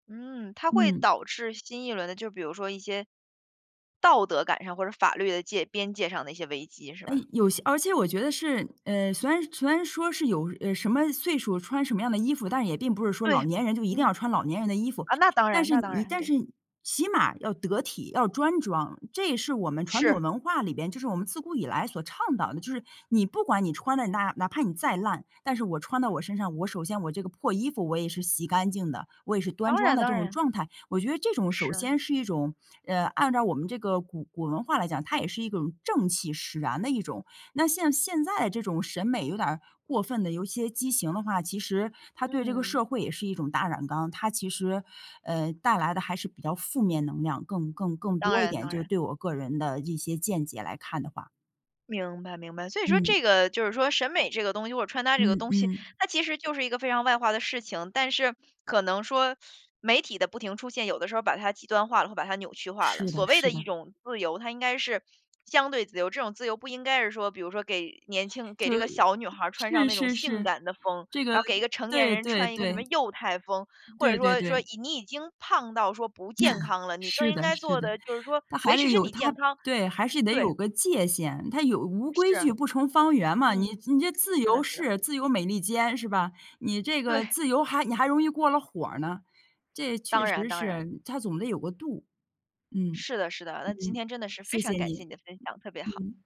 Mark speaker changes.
Speaker 1: 嗯，它会
Speaker 2: 嗯。
Speaker 1: 导致新一轮的就比如说一些，道德感上或者法律的界边界上的一些危机是
Speaker 2: 哎，
Speaker 1: 吧？
Speaker 2: 有些而且我觉得是，嗯，虽然虽然说是有，呃，什么岁数穿什么样的衣服，但也并不是说老
Speaker 1: 对，
Speaker 2: 年人就一定
Speaker 1: 嗯。
Speaker 2: 要穿老年人的衣服，
Speaker 1: 啊，那当
Speaker 2: 但
Speaker 1: 然
Speaker 2: 是
Speaker 1: 那当
Speaker 2: 你
Speaker 1: 然，
Speaker 2: 但是
Speaker 1: 对。
Speaker 2: 起码要得体，要端庄，这也是我们传统
Speaker 1: 是。
Speaker 2: 文化里边，就是我们自古以来所倡导的，就是你不管你穿得哪哪怕你再烂，但是我穿到我身上，我首先我这个破衣服我也是洗干净的，我也是端
Speaker 1: 当
Speaker 2: 庄
Speaker 1: 然
Speaker 2: 的这
Speaker 1: 当
Speaker 2: 种
Speaker 1: 然。
Speaker 2: 状态。我觉得这种首
Speaker 1: 是。
Speaker 2: 先是一种，呃，按照我们这个古古文化来讲，它也是一种正气使然的一种。那像现在这种审美有点儿过分地有一些畸形的话，其实它对这个
Speaker 1: 嗯。
Speaker 2: 社会也是一种大染缸，它其实，呃，带来的还是比较负面能量更更更
Speaker 1: 当
Speaker 2: 多一
Speaker 1: 然
Speaker 2: 点，
Speaker 1: 当
Speaker 2: 就是
Speaker 1: 然。
Speaker 2: 对我个人的一些见解来看的话。
Speaker 1: 明白明白。所以说
Speaker 2: 嗯。
Speaker 1: 这个就是说审美这个东西或者穿搭这个
Speaker 2: 嗯
Speaker 1: 东西，
Speaker 2: 嗯。
Speaker 1: 它其实就是一个非常外化的事情，但是可能说，媒体的不停出现，有的时候把它极端化了，或者把它扭曲化了，
Speaker 2: 是的
Speaker 1: 所谓
Speaker 2: 是
Speaker 1: 的一
Speaker 2: 的。
Speaker 1: 种自由，它应该是相对自由，这种自由不应该是说比如说给年轻给
Speaker 2: 就
Speaker 1: 这个小女孩穿上
Speaker 2: 是
Speaker 1: 那种
Speaker 2: 是
Speaker 1: 性
Speaker 2: 是，
Speaker 1: 感的风，
Speaker 2: 这个，
Speaker 1: 然后给一个成年
Speaker 2: 对
Speaker 1: 人
Speaker 2: 对
Speaker 1: 穿一个什
Speaker 2: 对。
Speaker 1: 么幼态风，或者
Speaker 2: 对对
Speaker 1: 说说
Speaker 2: 对。
Speaker 1: 你你已经胖到说不健 康了，你更
Speaker 2: 是
Speaker 1: 应
Speaker 2: 的
Speaker 1: 该
Speaker 2: 是
Speaker 1: 做
Speaker 2: 的，
Speaker 1: 的就是说，
Speaker 2: 那还
Speaker 1: 维
Speaker 2: 得
Speaker 1: 持身
Speaker 2: 有
Speaker 1: 体健
Speaker 2: 它
Speaker 1: 康，
Speaker 2: 对，还是得
Speaker 1: 对。
Speaker 2: 有个界限，它有“无规
Speaker 1: 是。
Speaker 2: 矩不成方圆”嘛，你
Speaker 1: 嗯，
Speaker 2: 你这自
Speaker 1: 是
Speaker 2: 由
Speaker 1: 的是的。
Speaker 2: 式自由美利坚是吧？你这个
Speaker 1: 对。
Speaker 2: 自由还你还容易过了火儿呢，这确
Speaker 1: 当然
Speaker 2: 实
Speaker 1: 当然。
Speaker 2: 是，它总得有个度，嗯，
Speaker 1: 是的是的，那今
Speaker 2: 嗯，
Speaker 1: 天真的是非
Speaker 2: 谢
Speaker 1: 常
Speaker 2: 谢
Speaker 1: 感谢
Speaker 2: 你。
Speaker 1: 你的分享，特别好。
Speaker 2: 嗯。